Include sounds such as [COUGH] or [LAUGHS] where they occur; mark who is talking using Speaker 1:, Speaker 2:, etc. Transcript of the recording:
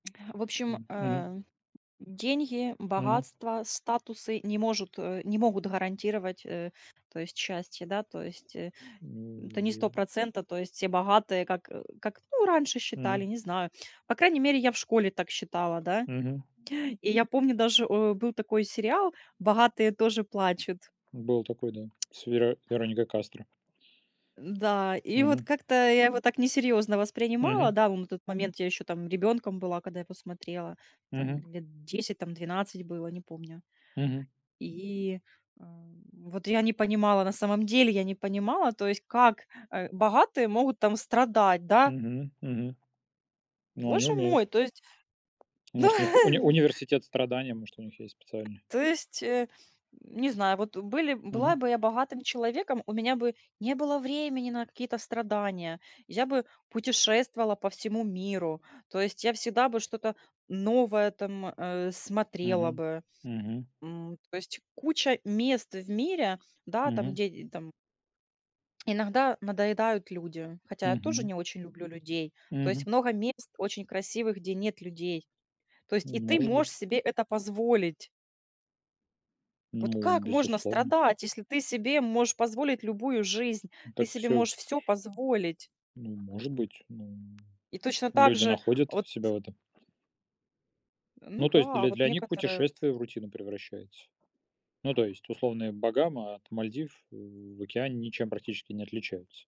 Speaker 1: А в общем,
Speaker 2: М, мгм.
Speaker 1: а, деньги,
Speaker 2: Мгм.
Speaker 1: богатство, статусы не можут а, не могут гарантировать, э, то есть счастье, да, то есть, э, м, это
Speaker 2: Ну
Speaker 1: не
Speaker 2: и
Speaker 1: 100 %, то есть все богатые, как, э, как, ну, раньше считали,
Speaker 2: Мгм.
Speaker 1: не знаю. По крайней мере, я в школе так считала, да.
Speaker 2: Мгм.
Speaker 1: И я помню даже, о, был такой сериал "Богатые тоже плачут".
Speaker 2: Был такой, да, с веро Вероникой Кастро.
Speaker 1: Н-да, и вот
Speaker 2: Мгм.
Speaker 1: как-то я его так несерьёзно воспринимала,
Speaker 2: Мгм.
Speaker 1: да, ну, на тот момент я ещё там ребёнком была, когда я посмотрела, там
Speaker 2: Мгм.
Speaker 1: лет 10, там 12 было, не помню.
Speaker 2: Мгм.
Speaker 1: И, а, м, вот я не понимала, на самом деле, я не понимала, то есть, как, э, богатые могут там страдать, да.
Speaker 2: Мгм, мгм. Ну, они
Speaker 1: Боже
Speaker 2: умеют.
Speaker 1: мой, то есть, ну
Speaker 2: Может, у них уни
Speaker 1: [LAUGHS]
Speaker 2: университет страдания, может, у них есть специальный?
Speaker 1: То есть, э, не знаю, вот, э, были б м,
Speaker 2: Мгм.
Speaker 1: была бы я богатым человеком, у меня бы не было времени на какие-то страдания. Я бы путешествовала по всему миру. То есть, я всегда бы что-то новое там, а, смотрела
Speaker 2: Мгм,
Speaker 1: бы,
Speaker 2: мгм.
Speaker 1: м. То есть, куча мест в мире, да, там,
Speaker 2: Мгм.
Speaker 1: где там Иногда надоедают люди, хотя я тоже
Speaker 2: Мгм.
Speaker 1: не очень люблю людей. То есть
Speaker 2: Мгм.
Speaker 1: много мест очень красивых, где нет людей. То есть и ты
Speaker 2: Может быть.
Speaker 1: можешь себе это позволить. Вот
Speaker 2: Ну,
Speaker 1: как можно
Speaker 2: безусловно.
Speaker 1: страдать, если ты себе можешь позволить любую жизнь?
Speaker 2: М,
Speaker 1: Ты
Speaker 2: так,
Speaker 1: себе
Speaker 2: всё
Speaker 1: можешь всё позволить.
Speaker 2: Ну, может быть, ну
Speaker 1: И точно так
Speaker 2: Люди
Speaker 1: же,
Speaker 2: находят
Speaker 1: вот.
Speaker 2: себя в этом.
Speaker 1: А, ну
Speaker 2: Ну, то есть
Speaker 1: да, а
Speaker 2: для
Speaker 1: вот
Speaker 2: для них
Speaker 1: некоторые вот.
Speaker 2: путешествие в рутину превращается. Ну, то есть условные Багамы от Мальдив, м, в океане ничем практически не отличаются.